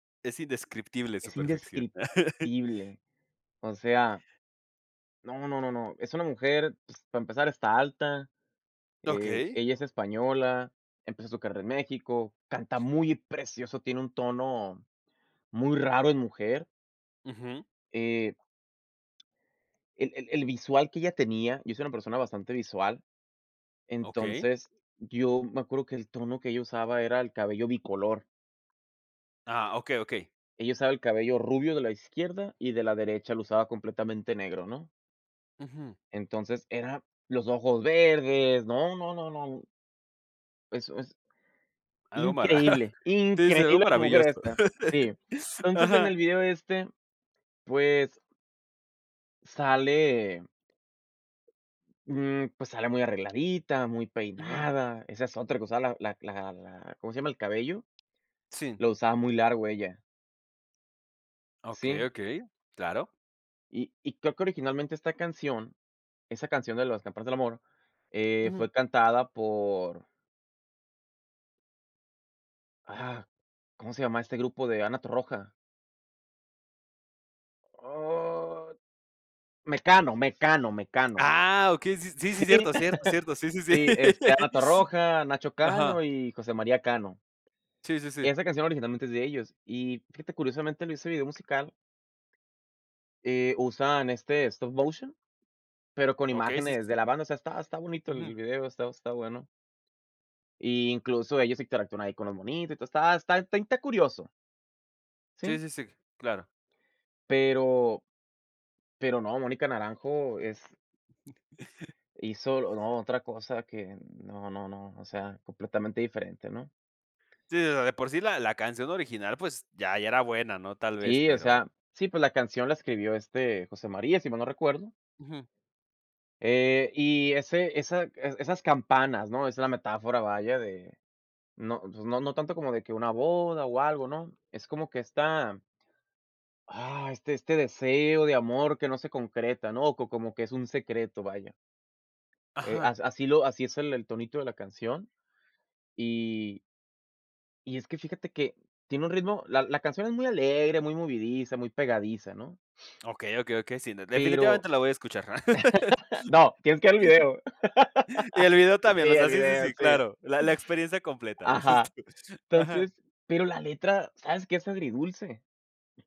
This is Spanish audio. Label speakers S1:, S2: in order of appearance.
S1: Es indescriptible su
S2: Es
S1: perfección.
S2: indescriptible. O sea no, no, no, no. Es una mujer. Ps para empezar, está alta, eh,
S1: Okey.
S2: ella es española, empezó su carrera en México, canta muy precioso, tiene un tono muy raro en mujer.
S1: Ujú.
S2: Eh el el el visual que ella tenía, yo soy una persona bastante visual,
S1: Okey.
S2: entonces, yo me acuerdo que el tono que ella usaba, era el cabello bicolor.
S1: Ah, okey, okey.
S2: Ella usaba el cabello rubio de la izquierda, y de la derecha, lo usaba completamente negro, ¿no?
S1: Ujú.
S2: Entonces, era los ojos verdes, no, no, no, no eso es.
S1: Algo mara
S2: Increíble,
S1: sí, sí, algo
S2: increíble la mujer
S1: maravilloso.
S2: esta, sí. Entonces, en
S1: Ajá.
S2: el video este, pues sale mm, pues, sale muy arregladita, muy
S1: Ujú.
S2: peinada, esa es otra cosa. La la la la, ¿cómo se llama? El cabello,
S1: Sí.
S2: lo usaba muy largo ella.
S1: Okey,
S2: Sí.
S1: okey, claro.
S2: Y y creo que originalmente esta canción esa canción de las campanas del amor, eh,
S1: Ujú.
S2: fue cantada por Ah, ¿cómo se llama este grupo de Ana Torroja? Oh, Mecano, Mecano, Mecano.
S1: ¡Ah, okey! Sí, sí, sí,
S2: Sí.
S1: cierto, cierto, cierto. Sí, sí, sí.
S2: Sí, este, Ana Torroja, Nacho
S1: Ajá.
S2: Cano y José María Cano.
S1: Sí, sí,
S2: Que
S1: sí.
S2: esa canción originalmente es de ellos. Y fíjate, curiosamente, en ese video musical eh, usan, este, stop motion, pero con
S1: Okey, sí, sí,
S2: imágenes
S1: sí.
S2: de la banda, o sea, está está bonito
S1: Ujú.
S2: el video, está está bueno. Y, incluso ellos interactúan ahí con los monitos, y todo, está está inte curioso.
S1: Sí,
S2: Sí.
S1: sí, sí. Claro.
S2: Pero, pero no, Mónica Naranjo es hizo lo no otra cosa que no, no, no, o sea, completamente diferente, ¿no?
S1: Sí, o sea, de de por sí, la la canción original, pues, ya ya era buena, ¿no? Tal vez,
S2: Sí, o
S1: pero
S2: sea, sí, pues, la canción la escribió, este, José María, si mal no recuerdo
S1: Ujú.
S2: eh, y ese esa e esas campanas, ¿no? Esa es la metáfora, vaya, de no, pues, no, no tanto como de que una boda, o algo, ¿no? Es como que está ah, este este deseo de amor que no se concreta, ¿no? Co como que es un secreto, vaya eh,
S1: Ajá.
S2: as así, lo así es el el tonito de la canción, y y es que, fíjate que tiene un ritmo, la la canción es muy alegre, muy movidiza, muy pegadiza, ¿no?
S1: Okey, okey, okey. Sí, no,
S2: Pero,
S1: definitivamente la voy a escuchar.
S2: no, tienes que ver el video.
S1: Y el video
S2: Sí,
S1: también. O sea,
S2: el
S1: sí, sí,
S2: video,
S1: sí.
S2: sí.
S1: Claro, la la experiencia completa, dices
S2: Ajá,
S1: tú. Ajá.
S2: entonces, pero, la letra, ¿sabes que es agridulce?